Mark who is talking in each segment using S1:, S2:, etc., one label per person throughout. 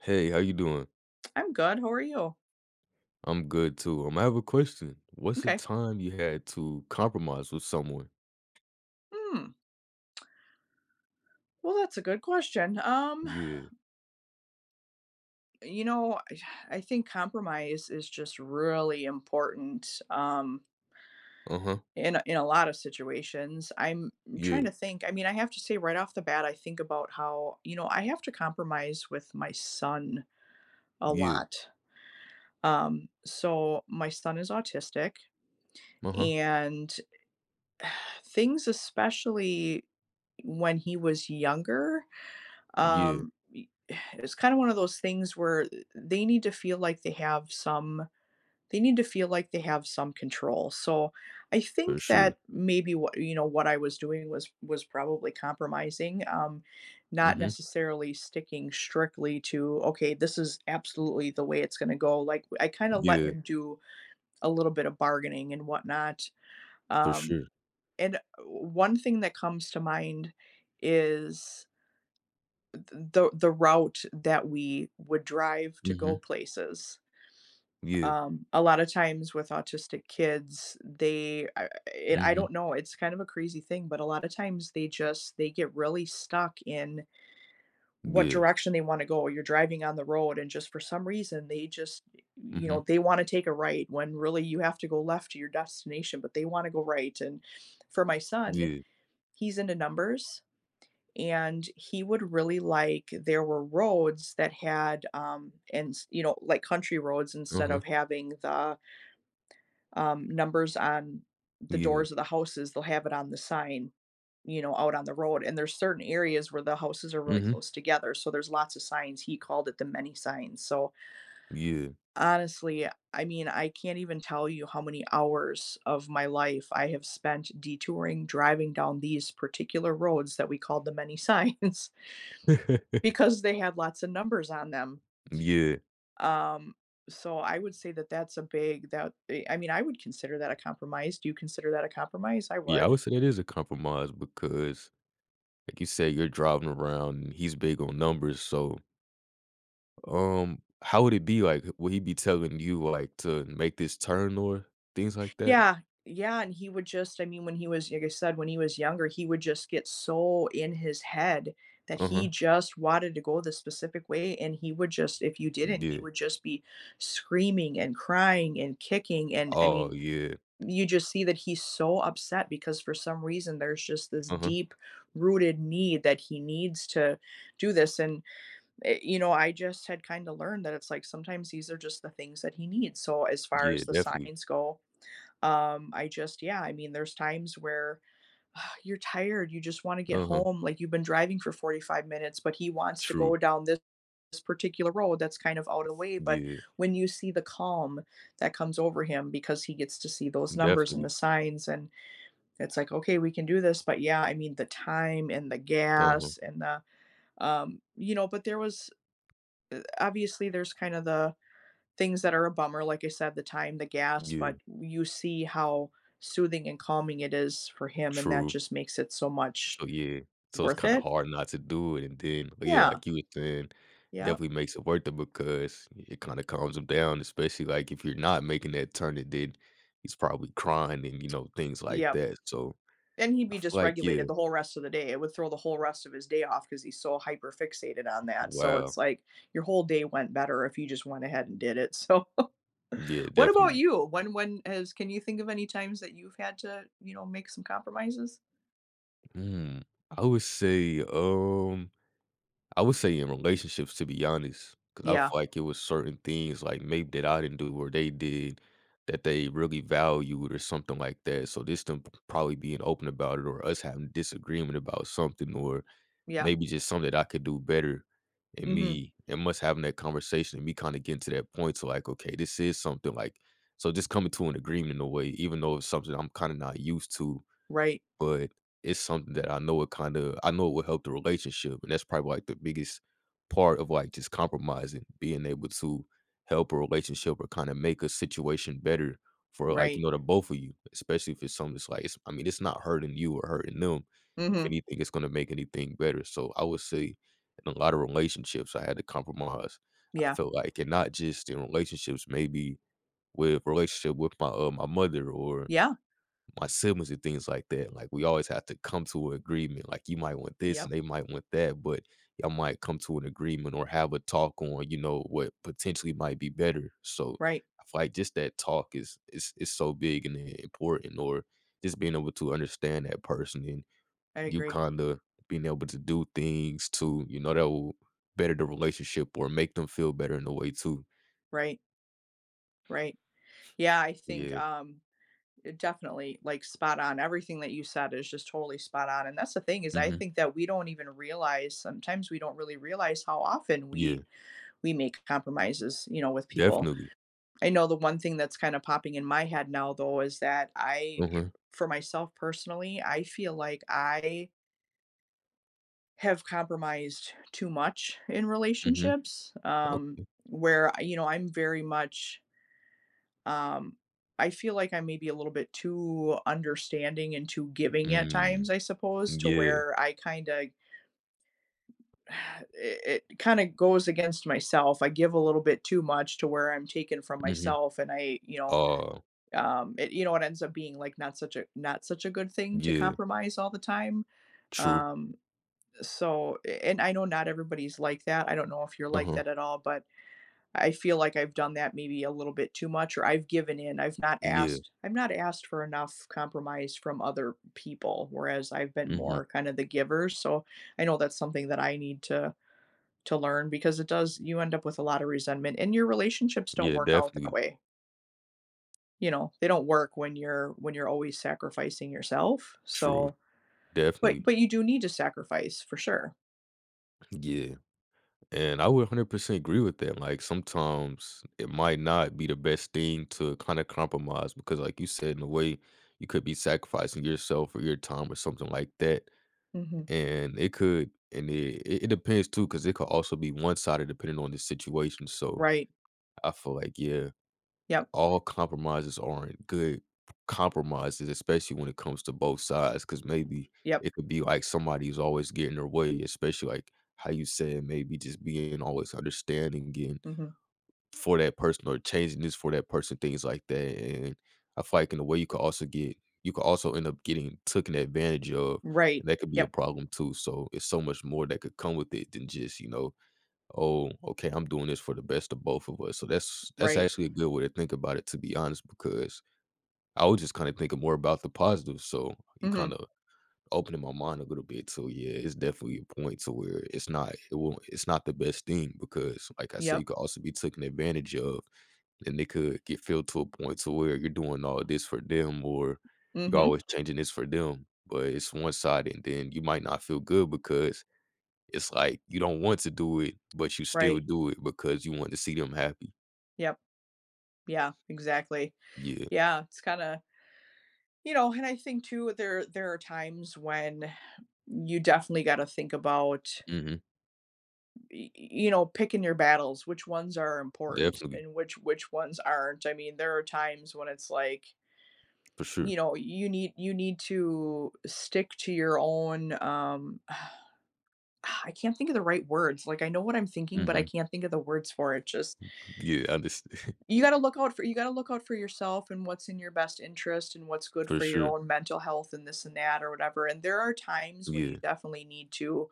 S1: Hey, how you doing?
S2: I'm good, how are you?
S1: I'm good too, um, I have a question. What's a
S2: M'kay.
S1: time you had to compromise with someone?
S2: Mm. Well, that's a good question, um
S1: Yeah.
S2: You know, I think compromise is just really important um...
S1: Uh-huh.
S2: in a in a lot of situations. I'm trying
S1: Yeah.
S2: to think, I mean, I have to say right off the bat, I think about how you know, I have to compromise with my son a
S1: Yeah.
S2: lot. Um, so my son is autistic,
S1: Uh-huh.
S2: and things especially, when he was younger,
S1: Yeah.
S2: um, eh it's kinda one of those things where they need to feel like they have some they need to feel like they have some control, so I
S1: For
S2: think
S1: sure.
S2: that maybe what, you know, what I was doing was was probably compromising, um, not
S1: Mhm.
S2: necessarily sticking strictly to, "Okay, this is absolutely the way it's gonna go," like, I kinda let
S1: Yeah.
S2: him do a little bit of bargaining and whatnot.
S1: For
S2: Um,
S1: sure.
S2: and one thing that comes to mind is th the the route that we would drive to go
S1: Mhm.
S2: places.
S1: Yeah.
S2: Um, a lotta times with autistic kids, they I eh I
S1: Mhm.
S2: don't know, it's kinda a crazy thing, but a lotta times, they just they get really stuck in what
S1: Yeah.
S2: direction they wanna go. You're driving on the road, and just for some reason, they just, eh you
S1: Mhm.
S2: know, they wanna take a right when really you have to go left to your destination, but they wanna go right and for my son,
S1: Yeah.
S2: he's into numbers, and he would really like there were roads that had um, ens you know, like country roads
S1: Uh
S2: instead
S1: huh.
S2: of having the um, numbers on the
S1: Yeah.
S2: doors of the houses, they'll have it on the sign, you know, out on the road. And there's certain areas where the houses are really
S1: Mhm.
S2: close together, so there's lots of signs, he called it The Many Signs, so
S1: Yeah.
S2: honestly, I mean, I can't even tell you how many hours of my life I have spent detouring, driving down these particular roads that we called The Many Signs because they had lots of numbers on them.
S1: Mm, yeah.
S2: Um, so I would say that, that's a big that be I mean, I would consider that a compromise, do you consider that a compromise? I
S1: Yeah, I
S2: would.
S1: would say it is a compromise because, like you say, you're driving around, he's big on numbers, so Um, how would it be like? Eh, will he be telling you to, like to make this turn or things like that?
S2: Yeah, yeah, and he would just I mean, when he was like I said, when he was younger, he would just get so in his head that he
S1: Uh-huh.
S2: just wanted to go this specific way, and he would just if you
S1: Mm,
S2: didn't, he
S1: yeah.
S2: would just be screaming and crying and kicking and, I
S1: Oh
S2: mean,
S1: yeah.
S2: you just see that he's so upset because for some reason, there's just this
S1: Uh huh.
S2: deep rooted need that he needs to do this and, eh, you know, I just had kinda learned that it's like sometimes these are just the things that he needs, so as far
S1: Yeah,
S2: as the
S1: definitely.
S2: signs go, um, I just yeah, I mean, there's times where you're tired, you just wanna get
S1: Uh huh.
S2: home. Like, you've been driving for 45 minutes, but he wants to
S1: True.
S2: go down this particular road that's kind of out of the way but
S1: Yeah.
S2: when you see the calm that comes over him because he gets to see those numbers and the
S1: Definitely.
S2: signs, and that's like, "Okay, we can do this." But, yeah, I mean, the time and the
S1: Uh huh.
S2: gas and the um, you know? But there was, eh, obviously, there's kind of the things that are a bummer, like I said, the time, the gas,
S1: Yeah.
S2: but w you see how soothing and calming it is for him, and that
S1: True.
S2: just makes it so much,
S1: So yeah. So it's
S2: worth
S1: kinda
S2: it?
S1: hard not to do it and then but yeah,
S2: Yeah.
S1: like you were saying,
S2: Yep.
S1: definitely makes it worth it because it kinda calms him down, especially like if you're not making that turn and then, he's probably crying and, you know, things like
S2: Yep.
S1: that, so,
S2: Then he'd
S1: I
S2: be
S1: feel like yeah.
S2: dysregulated the whole rest of the day. It would throw the whole rest of his day off because he's so hyper fixated on that, so
S1: Wow.
S2: it's like, your whole day went better if you just went ahead and did it, so,
S1: Yeah,
S2: what about
S1: definitely.
S2: you? When when is can you think of any times that you've had to, you know, make some compromises?
S1: Mm, I would say, um, I would say in relationships, to be honest, 'cause I
S2: Yeah.
S1: feel like it was certain things, like, maybe that I didn't do or they did that they really valued or something like that, so this them p probably being open about it or us having disagreement about something or
S2: Yeah.
S1: maybe just something that I could do better. And
S2: Mhm.
S1: me and m us having that conversation and me kinda getting to that point to like, "Okay, this is something," like, just coming to an agreement in a way even though it's something I'm kinda not used to,
S2: Right.
S1: but it's something that I know it kinda I know it would help the relationship, and that's probably like the biggest part of, like, just compromising, being able to help a relationship or kinda make a situation better for, like, you
S2: Right.
S1: know, the both of you, especially if it's something that's like s I mean, it's not hurting you or hurting them. If
S2: Mhm.
S1: anything, it's gonna make anything better. So I would say in a lotta relationships, I had to compromise. I
S2: Yeah.
S1: felt like, and not just in relationships, maybe with relationship with my, uh, my mother or
S2: Yeah.
S1: my siblings and things like that. Like, we always have to come to a agreement. Like, you might want this
S2: Yep.
S1: and they might want that, but y'all might come to an agreement or have a talk on, you know, what potentially might be better. So
S2: Right.
S1: I feel like just that talk is is is so big and important or just being able to understand that person and
S2: I
S1: you
S2: agree.
S1: kinda being able to do things to, you know, that will better the relationship or make them feel better in a way too.
S2: Right. Right. Yeah, I think,
S1: Yeah.
S2: um, it definitely, like, spot-on, everything that you said is just totally spot-on, and that's the thing is, I
S1: Mhm.
S2: think that we don't even realize sometimes we don't really realize how often
S1: Yeah.
S2: we we make compromises, you know, with people.
S1: Definitely.
S2: I know the one thing that's kinda popping in my head now, though, is that I,
S1: Uh-huh.
S2: for myself personally, I feel like I have compromised too much in
S1: Mhm.
S2: relationships, um,
S1: Okay.
S2: where, uh, you know, I'm very much um, I feel like I may be a little bit too understanding and too giving at
S1: Mm.
S2: times, I suppose,
S1: M
S2: to
S1: yeah.
S2: where I kinda It it kinda goes against myself, I give a little bit too much to where I'm taking from
S1: Mhm.
S2: myself, and I, you know,
S1: Aw.
S2: um, it you know, it ends up being, like, not such a not such a good thing to
S1: Yeah.
S2: compromise all the time.
S1: True.
S2: Um, so, eh, and I know not everybody's like that, I don't know if you're like
S1: Uh-huh.
S2: that at all, but, I feel like I've done that maybe a little bit too much, or I've given in, I've not
S1: Yeah.
S2: asked I've not asked for enough compromise from other people, whereas I've been
S1: Mhm.
S2: more kinda the giver, so I know that's something that I need to to learn because it does you end up with a lotta resentment, and your relationships don't
S1: Yeah,
S2: work out that
S1: definitely.
S2: way. You know, they don't work when you're when you're always sacrificing yourself,
S1: True.
S2: so but
S1: Definitely.
S2: but you do need to sacrifice, for sure.
S1: Yeah. And I would 100% agree with that, like, sometimes it might not be the best thing to kinda compromise because, like you said, in a way you could be sacrificing yourself or your time or something like that,
S2: Mhm.
S1: and it could and it it depends too, 'cause it could also be one-sided depending on the situation, so,
S2: Right.
S1: I feel like, yeah,
S2: Yep.
S1: all compromises aren't good compromises, especially when it comes to both sides, 'cause maybe
S2: Yep.
S1: it could be like somebody's always getting their way, especially, like, how you said maybe just being always understanding, getting
S2: Mhm.
S1: for that person or changing this for that person, things like that, and I feel like in a way you could also get you could also end up getting taken advantage of,
S2: Right.
S1: and that could be a
S2: Yep.
S1: problem too, so, it's so much more that could come with it than just, you know, "Oh, okay, I'm doing this for the best of both of us," so that's that's
S2: Right.
S1: actually a good way to think about it to be honest, because I was just kinda thinking more about the positives, so, you
S2: Mhm.
S1: kinda opening my mind a little bit, so, yeah, it's definitely a point to where it's not it won't it's not the best thing because, like I said,
S2: Yep.
S1: you could also be taken advantage of, and they could get filled to a point to where you're doing all this for them or you're
S2: Mhm.
S1: always changing this for them, but it's one-sided, and then you might not feel good because, it's like, you don't want to do it, but you still
S2: Right.
S1: do it because you want to see them happy.
S2: Yep. Yeah, exactly.
S1: Yeah.
S2: Yeah, it's kinda you know, and I think too, there are there are times when you definitely gotta think about
S1: Mhm.
S2: y y you know, picking your battles, which ones are important
S1: Definitely.
S2: and which which ones aren't, I mean, there are times when it's like
S1: For sure.
S2: you know, you need you need to stick to your own, um Ah! I can't think of the right words, like, I know what I'm thinking, but I
S1: Mhm.
S2: can't think of the words for it, just
S1: Yeah, I unders
S2: You gotta look out for you gotta look out for yourself and what's in your best interest and what's good
S1: For
S2: for your
S1: sure.
S2: own mental health and this and that or whatever, and there are times when you
S1: Yeah.
S2: definitely need to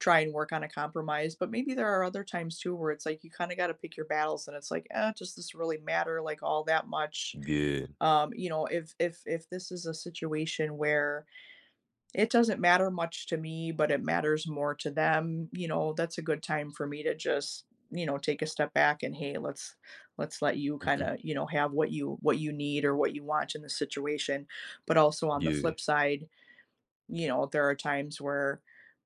S2: try and work on a compromise, but maybe there are other times too, where it's like you kinda gotta pick your battles, and it's like, "Uh, does this really matter, like, all that much?"
S1: Yeah.
S2: um, you know, if if if this is a situation where it doesn't matter much to me, but it matters more to them, you know, that's a good time for me to just, you know, take a step back and, "Hey, let's let's let you
S1: Mhm.
S2: kinda, you know, have what you what you need or what you want in the situation," but also, on the
S1: Yeah.
S2: flip side, you know, there are times where,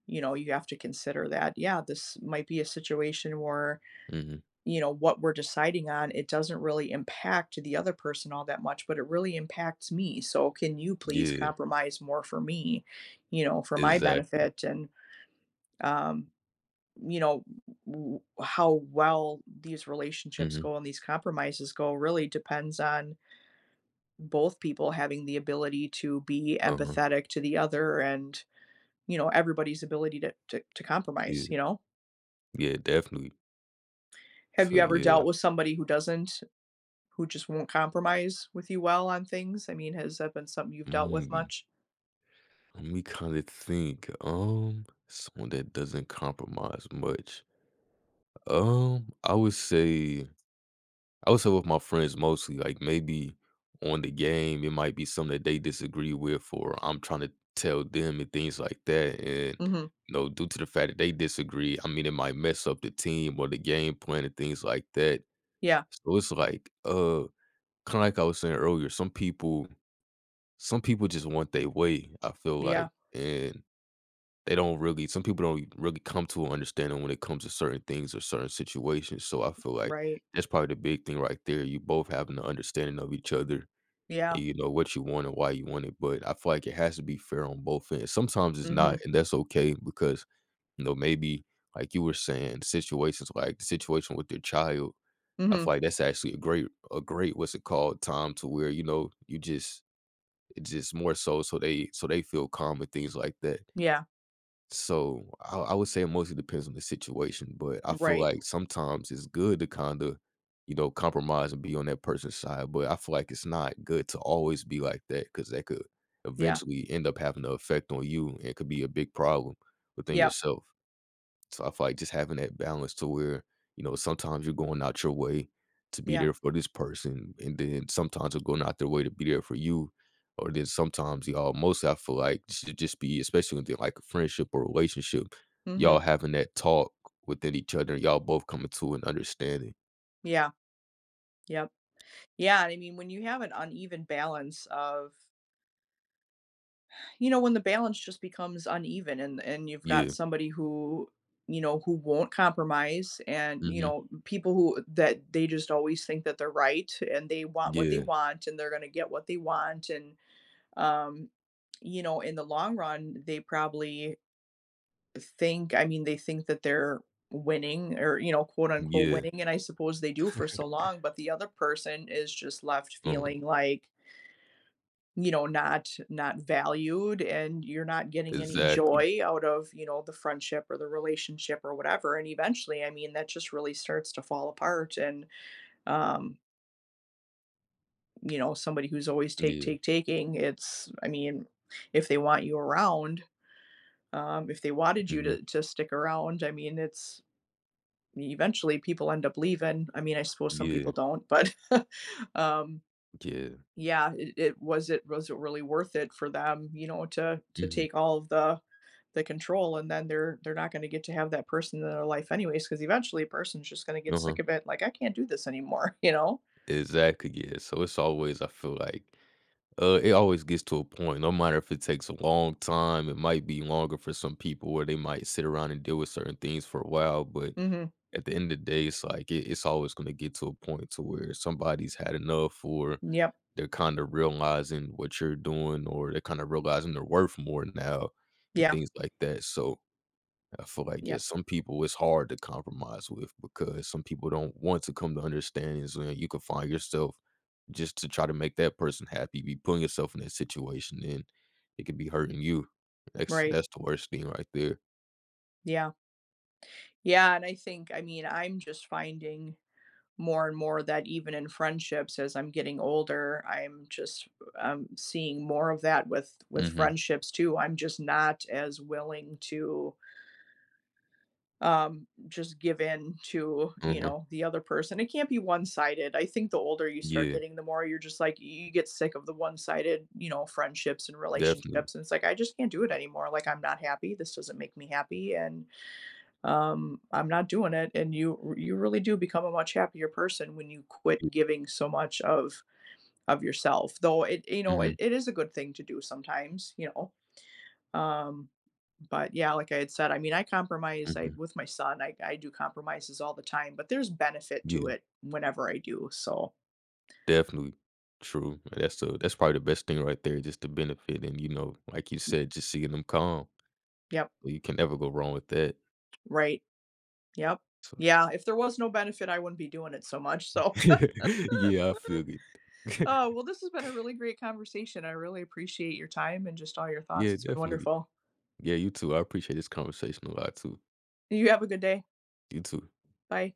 S2: you know, you have to consider that, yeah, this might be a situation where,
S1: Mhm.
S2: you know, what we're deciding on, it doesn't really impact the other person all that much, but it really impacts me, so can you please
S1: Yeah.
S2: compromise more for me, you know, for my
S1: Exactly.
S2: benefit, and, um, you know, w w how well these relationships
S1: Mhm.
S2: go and these compromises go really depends on both people having the ability to be
S1: Uh-huh.
S2: empathetic to the other and, you know, everybody's ability to to to compromise,
S1: Yeah.
S2: you know?
S1: Yeah, definitely.
S2: Have
S1: So,
S2: you ever
S1: yeah.
S2: dealt with somebody who doesn't who just won't compromise with you well on things? I mean, has that been something you've dealt with
S1: Mhm, we
S2: much?
S1: Let me kinda think, um, someone that doesn't compromise much. U um, I would say I would say with my friends mostly, like, maybe on the game, it might be something that they disagree with or I'm trying to tell them and things like that, and,
S2: Mhm.
S1: you know, due to the fact that they disagree, I mean, it might mess up the team or the game plan and things like that.
S2: Yeah.
S1: So it's like, uh, kinda like I was saying earlier, some people some people just want they way, I feel
S2: Yeah.
S1: like, and they don't really some people don't really come to an understanding when it comes to certain things or certain situations, so I feel like
S2: Right.
S1: that's probably the big thing right there. You both have an understanding of each other,
S2: Yeah.
S1: and you know what you want and why you want it, but I feel like it has to be fair on both ends. Sometimes it's not,
S2: Mhm.
S1: and that's okay because, you know, maybe, like you were saying, situations like situation with your child, I
S2: Mhm.
S1: feel like that's actually a great a great, what's it called, time to where, you know, you just just more so, so they so they feel calm and things like that.
S2: Yeah.
S1: So I I would say it mostly depends on the situation, but I feel
S2: Right.
S1: like sometimes it's good to kinda, you know, compromise and be on that person's side, but I feel like it's not good to always be like that 'cause that could
S2: Yeah.
S1: eventually end up having a affect on you and it could be a big problem within
S2: Yep.
S1: yourself. So I feel like just having that balance to where, you know, sometimes you're going out your way to be
S2: Yeah.
S1: there for this person, and then sometimes they're going out their way to be there for you, or then sometimes y'all mostly I feel like this should just be- especially when they're, like, a friendship or relationship, y'all
S2: Mhm.
S1: having that talk within each other, y'all both coming to an understanding.
S2: Yeah. Yep. Yeah, I mean, when you have an uneven balance of you know, when the balance just becomes uneven and and you've got
S1: Yeah.
S2: somebody who, you know, who won't compromise and, you
S1: Mhm.
S2: know, people who that they just always think that they're right, and they want what they
S1: Yeah.
S2: want, and they're gonna get what they want, and, um, you know, in the long run, they probably think, I mean, they think that they're winning or, you know, quote,
S1: N
S2: unquote,
S1: yeah.
S2: "winning," and I suppose they do for so long, but the other person is just left
S1: Um
S2: feeling like you know, not not valued, and you're not getting any
S1: Exactly.
S2: joy out of, you know, the friendship or the relationship or whatever, and, eventually, I mean, that just really starts to fall apart, and, um you know, somebody who's always take,
S1: Yeah.
S2: take, taking, it's I mean, if they want you around, um, if they wanted you
S1: Mhm.
S2: to to stick around, I mean, it's eventually, people end up leaving. I mean, I suppose some
S1: Yeah.
S2: people don't, but, um,
S1: J yeah.
S2: yeah, it it was it was it really worth it for them, you know, to to
S1: Mhm.
S2: take all of the the control, and then they're they're not gonna get to have that person in their life anyways 'cause eventually, a person's just gonna get
S1: Uh-huh.
S2: sick of it, like, "I can't do this anymore," you know?
S1: Exactly, yeah. So, as always I feel like uh, it always gets to a point no matter if it takes a long time. It might be longer for some people where they might sit around and deal with certain things for a while, but
S2: Mhm.
S1: at the end of the day, it's like i it's always gonna get to a point to where somebody's had enough, or
S2: Yeah.
S1: they're kinda realizing what you're doing, or they're kinda realizing they're worth more now, and
S2: Yeah.
S1: things like that. So, I feel like,
S2: Yeah.
S1: yeah, some people, it's hard to compromise with because some people don't want to come to understanding. So, then you could find yourself just to try to make that person happy, be putting yourself in that situation, and it could be hurting you. That's
S2: Right.
S1: that's the worst thing right there.
S2: Yeah. Yeah, and I think, I mean, I'm just finding more and more that even in friendships as I'm getting older, I'm just, um, seeing more of that with with
S1: Mhm.
S2: friendships, too. I'm just not as willing to um, just give in to, you
S1: Mhm.
S2: know, the other person. It can't be one-sided. I think the older you start
S1: Yeah.
S2: getting, the more you're just, like, y you get sick of the one-sided, you know, friendships and
S1: Definitely.
S2: relationships. And it's like, "I just can't do it anymore." Like, "I'm not happy. This doesn't make me happy, and, um, I'm not doing it." And you r you really do become a much happier person when you
S1: [unintelligible]
S2: quit giving so much of of yourself. Though it, you know, it
S1: Mhm.
S2: it is a good thing to do sometimes, you know? Um, but, yeah, like I had said, I mean, I compromise I
S1: Mhm.
S2: with my son. I I do compromises all the time, but there's benefit to
S1: Yeah.
S2: it whenever I do. So
S1: Definitely, true. That's, uh that's probably the best thing right there, just the benefit and, you know, like you said, just seeing them calm.
S2: Yep.
S1: Well, you can never go wrong with that.
S2: Right. Yep.
S1: So
S2: Yeah. If there was no benefit, I wouldn't be doing it so much. So uh,
S1: yeah, I feel good.
S2: well, this has been a really great conversation. I really appreciate your time and just all your thoughts.
S1: Yeah.
S2: It's been
S1: Definitely.
S2: wonderful.
S1: Yeah, you too. I appreciate this conversation a lot, too.
S2: You have a good day.
S1: You, too.
S2: Bye.